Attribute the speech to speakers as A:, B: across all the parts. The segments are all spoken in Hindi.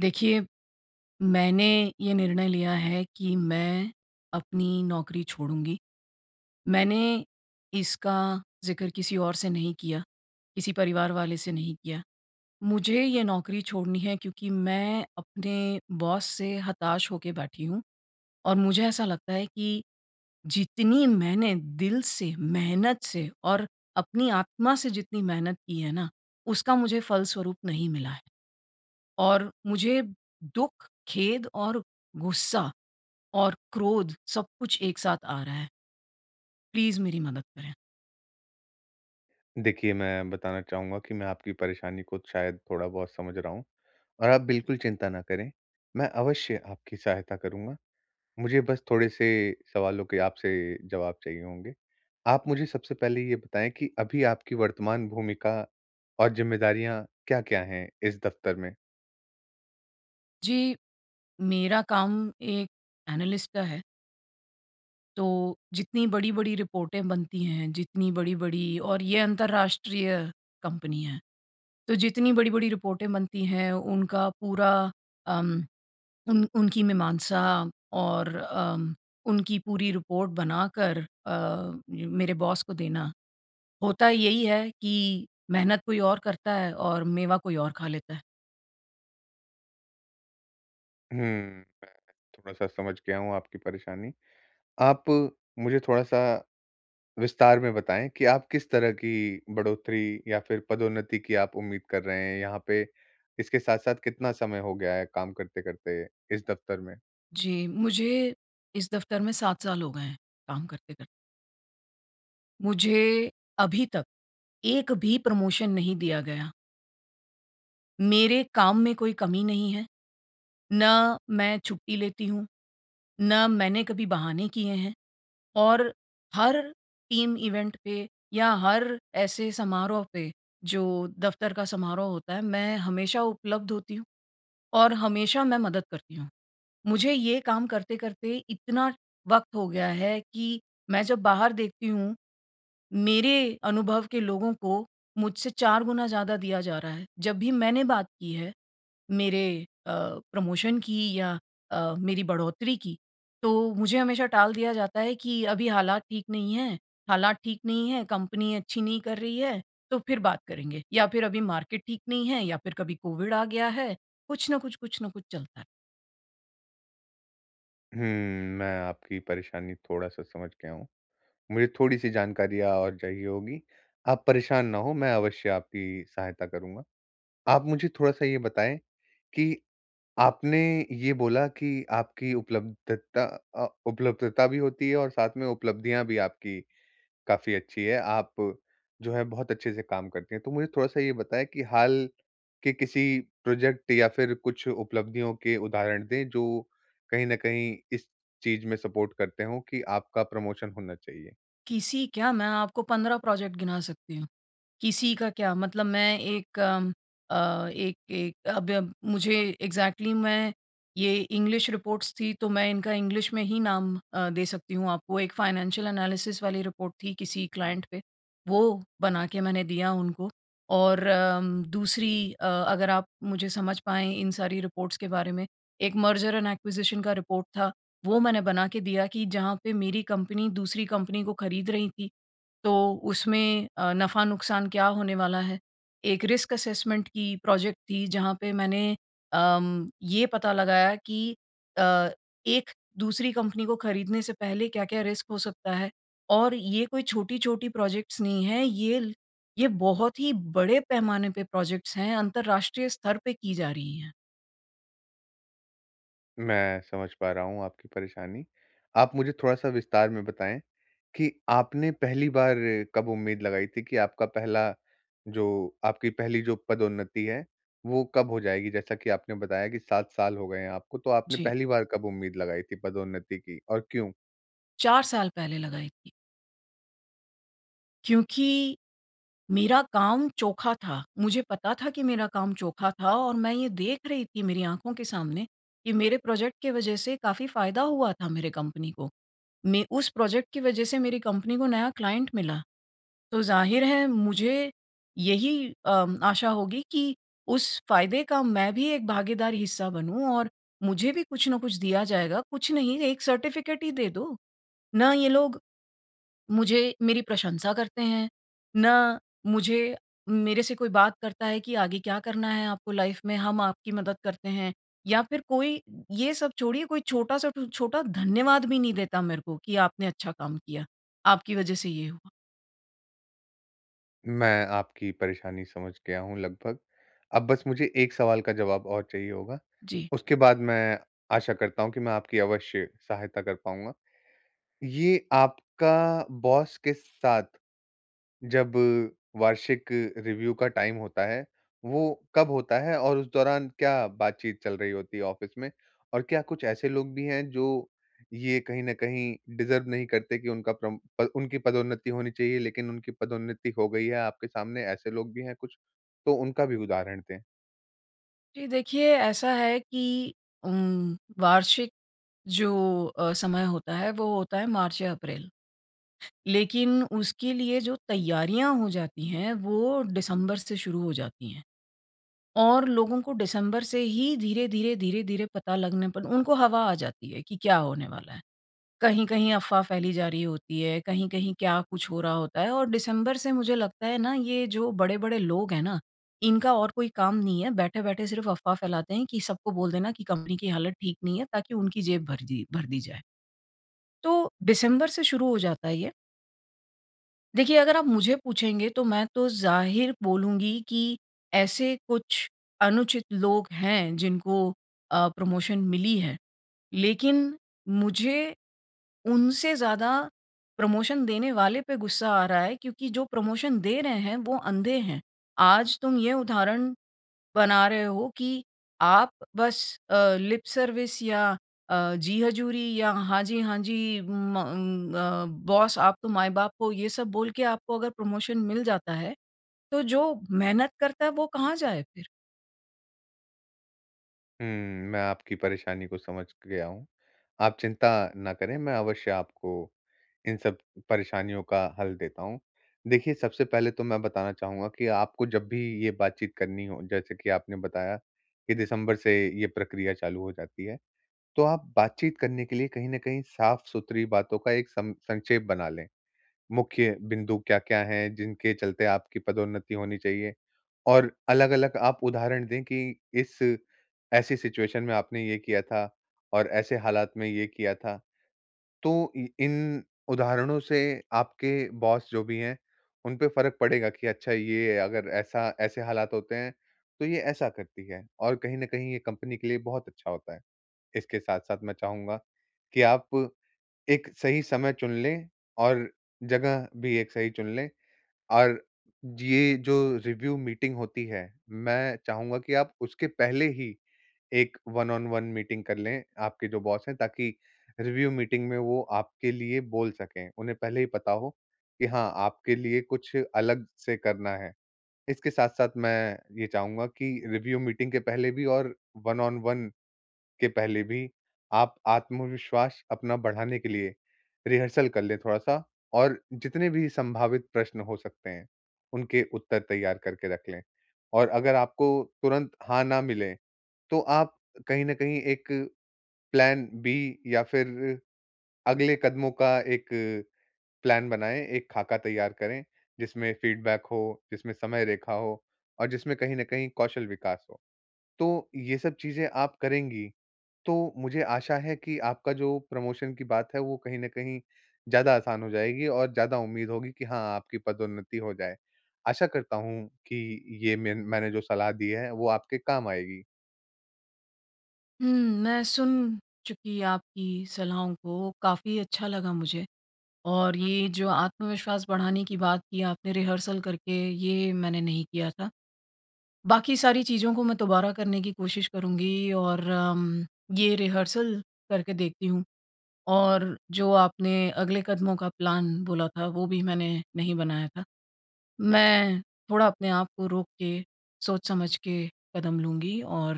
A: देखिए, मैंने ये निर्णय लिया है कि मैं अपनी नौकरी छोडूँगी। मैंने इसका ज़िक्र किसी और से नहीं किया। किसी परिवार वाले से नहीं किया। मुझे ये नौकरी छोड़नी है क्योंकि मैं अपने बॉस से हताश हो के बैठी हूँ। और मुझे ऐसा लगता है कि जितनी मैंने दिल से, मेहनत से और अपनी आत्मा से जितनी मेहनत की है ना उसका मुझे फलस्वरूप नहीं मिला है। और मुझे दुःख, खेद और गुस्सा और क्रोध सब कुछ एक साथ आ रहा है। प्लीज़ मेरी मदद करें।
B: देखिए मैं बताना चाहूँगा कि मैं आपकी परेशानी को शायद थोड़ा बहुत समझ रहा हूँ। और आप बिल्कुल चिंता ना करें, मैं अवश्य आपकी सहायता करूँगा। मुझे बस थोड़े-से सवालों के आपसे जवाब चाहिए होंगे। आप मुझे सबसे पहले ये बताएँ कि अभी आपकी वर्तमान भूमिका और ज़िम्मेदारियाँ क्या-क्या हैं इस दफ़्तर में?
A: जी। मेरा काम एक एनालिस्ट का है। तो जितनी बड़ी-बड़ी रिपोर्टें बनती हैं, जितनी बड़ी-बड़ी और ये अंतर्राष्ट्रीय कंपनी हैं। तो जितनी बड़ी-बड़ी रिपोर्टें बनती हैं उनका पूरा उम, उन उनकी मीमांसा और अ, उनकी पूरी रिपोर्ट बनाकर अ, मेरे बॉस को देना। होता यही है कि मेहनत कोई और करता है और मेवा कोई और खा लेता है।
B: हुँ, मैं थोड़ा-सा समझ गया हूँ आपकी परेशानी। आप मुझे थोड़ा-सा विस्तार में बताएँ कि आप किस तरह की बढ़ोतरी या फिर पदोन्नति की आप उम्मीद कर रहे हैं यहाँ पे? इसके साथ-साथ कितना समय हो गया है काम करते-करते इस दफ़्तर में?
A: जी, मुझे इस दफ़्तर में 7 साल हो गए हैं, काम करते-करते। मुझे अभी तक एक भी प्रमोशन नहीं दिया गया। मेरे काम में कोई कमी नहीं है, ना मैं छुट्टी लेती हूँ, ना मैंने कभी बहाने किए हैं, और हर टीम इवेंट पे या हर ऐसे समारोह पे जो दफ़्तर का समारोह होता है मैं हमेशा उपलब्ध होती हूँ और हमेशा मैं मदद करती हूँ। मुझे ये काम करते-करते इतना वक़्त हो गया है कि मैं जब बाहर देखती हूँ, मेरे अनुभव के लोगों को मुझसे 4 गुना ज़्यादा दिया जा रहा है। जब भी मैंने बात की है मेरे अ, प्रमोशन की या अ, मेरी बढ़ोतरी की, तो मुझे हमेशा टाल दिया जाता है कि अभी हालात ठीक नहीं है हालात ठीक नहीं है, कंपनी अच्छी नहीं कर रही है तो फिर बात करेंगे। या फिर अभी मार्केट ठीक नहीं है या फिर कभी कोविड आ गया है, कुछ न कुछ कुछ न कुछ चलता है।
B: हम्म, मैं आपकी परेशानी थोड़ा-सा समझ गया हूँ। मुझे थोड़ी-सी जानकारियाँ और चाहिए होगी, आप परेशान ना हों मैं अवश्य आपकी सहायता करूँगा। आप मुझे थोड़ा-सा ये बताएँ कि, आपने ये बोला कि आपकी उपलब्धता अ, उपलब्धता भी होती है और साथ में उपलब्धियाँ भी आपकी काफ़ी अच्छी हैं, आप जो है बहुत अच्छे से काम करती हैं। तो मुझे थोड़ा-सा ये बताएँ कि हाल के किसी प्रोजेक्ट या फिर कुछ उपलब्धियों के उदाहरण दें, जो कहीं न कहीं इस चीज़ में सपोर्ट करते हों कि आपका प्रमोशन होना चाहिए?
A: किसी क्या? मैं आपको 15 प्रोजेक्ट गिना सकती हूँ। किसी का क्या? मतलब मैं एक अ, एक-एक अब अब मुझे एक्जेक्टली मैं ये इंग्लिश रिपोर्ट्स थी तो मैं इनका इंग्लिश में ही नाम अ, दे सकती हूँ आपको। एक फाइनेंशियल एनालिसिस वाली रिपोर्ट थी किसी क्लाइंट पे, वो बना के मैंने दिया उनको और अम दूसरी अ, अगर आप मुझे समझ पाएँ इन सारी रिपोर्ट्स के बारे में एक मर्जर एंड एक्विजिशन का रिपोर्ट था वो मैंने बना के दिया कि जहाँ पे मेरी कंपनी दूसरी कंपनी को खरीद रही थी तो उसमें अ, नफ़ा-नुक़सान क्या होने वाला है। एक रिस्क असेसमेंट की प्रोजेक्ट थी जहाँ पे मैंने अम ये पता लगाया कि अ, एक दूसरी कंपनी को खरीदने से पहले क्या-क्या रिस्क हो सकता है? और ये कोई छोटी-छोटी प्रोजेक्ट्स नहीं है ये ल ये बहुत ही बड़े पैमाने पे प्रोजेक्ट्स हैं अंतरराष्ट्रीय स्तर पे की जा रही है।
B: मैं समझ पा रहा हूँ, आपकी परेशानी। आप मुझे थोड़ा-सा विस्तार में बताएँ, कि आपने पहली बार कब उम्मीद लगाई थी कि आपका पहला जो आपकी पहली जो पदोन्नति है, वो कब हो जाएगी, जैसा कि आपने बताया कि 7 साल हो गए हैं आपको, तो आपने
A: जी।
B: पहली बार कब उम्मीद लगाई थी, पदोन्नति की और क्यों?
A: 4 साल पहले लगाई थी। क्योंकि, मेरा काम चोखा था, मुझे पता था कि मेरा काम चोखा था और मैं ये देख रही थी, मेरी आँखों के सामने कि मेरे प्रोजेक्ट के वजह से काफ़ी फायदा हुआ था मेरे कंपनी को। मैं उस प्रोजेक्ट की वजह से मेरी कंपनी को नया क्लाइंट मिला। तो, ज़ाहिर है मुझे यही अम आशा होगी कि उस फायदे का मैं भी एक भागीदार हिस्सा बनूँ और मुझे भी कुछ न कुछ दिया जाएगा, कुछ नहीं 1 सर्टिफिकेट ही दे दो। ना ये लोग, मुझे मेरी प्रशंसा करते हैं, ना मुझे मेरे से कोई बात करता है कि आगे क्या करना है, आपको लाइफ में, हम आपकी मदद करते हैं या फिर कोई, ये सब छोड़िए कोई छोटा-सा टू छोटा धन्यवाद भी नहीं देता मेरे को, कि आपने अच्छा काम किया, आपकी वजह से ये हुआ।
B: मैं आपकी परेशानी समझ गया हूँ लगभग। अब बस मुझे एक सवाल का जवाब और चाहिए होगा,
A: जी।
B: उसके बाद मैं आशा करता हूँ कि मैं आपकी अवश्य सहायता कर पाउँगा। ये आपका बॉस के साथ जब वार्षिक रिव्यू का टाइम होता है, वो कब होता है? और उस दौरान क्या बातचीत चल रही होती है ऑफिस में? और क्या कुछ ऐसे लोग भी हैं जो ये कहीं न कहीं डिज़र्व नहीं करते कि उनका प्रोम अ, उनकी पदोन्नति होनी चाहिए, लेकिन उनकी पदोन्नति हो गई है, आपके सामने ऐसे लोग भी हैं कुछ? तो उनका भी उदाहरण दें।
A: जी देखिए, ऐसा है कि उम्म, वार्षिक जो अ, समय होता है वो होता है मार्च या अप्रैल। लेकिन उसके लिए जो तैयारियाँ हो जाती हैं वो दिसंबर से शुरू हो जाती है। और लोगों को डिसेंबर से ही धीरे-धीरे धीरे-धीरे पता लगने पर उनको हवा आ जाती है कि क्या होने वाला है। कहीं-कहीं अफ़वाह फ़ैली जा रही होती है, कहीं-कहीं क्या कुछ हो रहा होता है और डिसेंबर से मुझे लगता है ना ये जो बड़े-बड़े लोग हैं ना, इनका और कोई काम नहीं है, बैठे-बैठे सिर्फ़ अफ़वाह फैलाते हैं कि सबको बोल देना कि कंपनी की हालत ठीक नहीं है ताकि उनकी जेब भर दी भर दी जाए। तो डिसेंबर से शुरू हो जाता है ये। देखिए अगर आप मुझे पूछेंगे तो मैं तो ज़ाहिर बोलूँगी कि ऐसे कुछ अनुचित लोग हैं, जिनको अ, प्रमोशन मिली है। लेकिन मुझे उनसे ज़्यादा प्रमोशन देने वाले पे गुस्सा आ रहा है क्योंकि जो प्रमोशन दे रहे हैं वो अंधे हैं। आज तुम ये उदाहरण बना रहे हो कि आप बस अ, लिप सर्विस या अ, जी हजूरी या हाँ जी, हाँ जी, म अ, उम, म बॉस आप तो माई-बाप हो ये सब बोल के आपको अगर प्रमोशन मिल जाता है, तो जो मेहनत करता है वो कहाँ जाए फिर?
B: हुँ, मैं आपकी परेशानी को समझ गया हूँ, आप चिंता ना करें मैं अवश्य आपको इन सब परेशानियों का हल देता हूँ। देखिये सबसे पहले तो मैं बताना चाहूँगा कि आपको जब भी ये बातचीत करनी हो जैसे कि आपने बताया, कि दिसंबर से ये प्रक्रिया चालू हो जाती है, तो आप बातचीत करने के लिए कहीं न कहीं साफ-सुथरी बातों का एक सं संक्षेप बना लें। मुख्य बिंदु क्या-क्या हैं, जिनके चलते आपकी पदोन्नति होनी चाहिए, और अलग-अलग आप उदाहरण दें कि इस ऐसी सिचुएशन में आपने ये किया था, और ऐसे हालात में ये किया था। तो इ इन उदाहरणों से आपके बॉस जो भी हैं, उनपे फ़र्क पड़ेगा कि अच्छा ये अगर ऐसा ऐसे हालात होते हैं, तो ये ऐसा करती है, और कहीं न कहीं ये कंपनी के लिए बहुत अच्छा होता है। इसके साथ-साथ मैं चाहूँगा कि आप एक सही समय चुन लें, और जगह भी एक सही चुन लें, और ये जो रिव्यू मीटिंग होती है, मैं चाहूँगा कि आप उसके पहले ही एक वन-ऑन-वन मीटिंग कर लें, आपके जो बॉस हैं, ताकि रिव्यू मीटिंग में वो आपके लिए बोल सकें, उन्हें पहले ही पता हो कि हाँ, आपके लिए कुछ अलग से करना है। इसके साथ-साथ मैं ये चाहूँगा कि रिव्यू मीटिंग के पहले भी और वन-ऑन-वन के पहले भी आप आत्मविश्वास अपना बढ़ाने के लिए रिहर्सल कर लें थोड़ा-सा, और जितने भी सँभावित प्रश्न हो सकते हैं, उनके उत्तर तैयार करके रख लें। और अगर आपको तुरंत हाँ ना मिले, तो आप कहीं न कहीं एक प्लान बी या फिर अगले कदमों का एक प्लान बनाएँ, एक खाका तैयार करें, जिसमें फीडबैक हो, जिसमें समय रेखा हो और जिसमें कहीं न कहीं कौशल विकास हो। तो ये सब चीज़ें आप करेंगी, तो मुझे आशा है कि आपका जो प्रमोशन की बात है वो कहीं न कहीं, ज़्यादा आसान हो जाएगी और ज़्यादा उम्मीद होगी की हाँ, आपकी पदोन्नति हो जाए। आशा करता हूँ कि ये मेन मैंने जो सलाह दी है वो आपके काम आएगी।
A: हुँ, मैं सुन चुकी आपकी सलाहों को काफ़ी अच्छा लगा मुझे। और ये जो आत्मविश्वास बढ़ाने की बात की आपने रिहर्सल करके, ये मैंने नहीं किया था। बाकी सारी चीज़ों को मैं दोबारा करने की कोशिश करुँगी और उम, ये रिहर्सल करके देखती हूँ, और जो आपने अगले कदमों का प्लान बोला था वो भी मैंने नहीं बनाया था। मैं थोड़ा अपने आप को रोक के, सोच समझ के कदम लूँगी और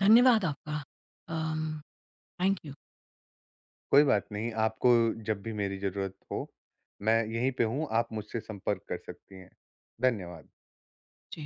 A: धन्यवाद आपका। Um thank you.
B: कोई बात नहीं, आपको जब भी मेरी ज़रूरत हो, मैं यहीं पे हूँ, आप मुझसे संपर्क कर सकती हैं। धन्यवाद।
A: जी।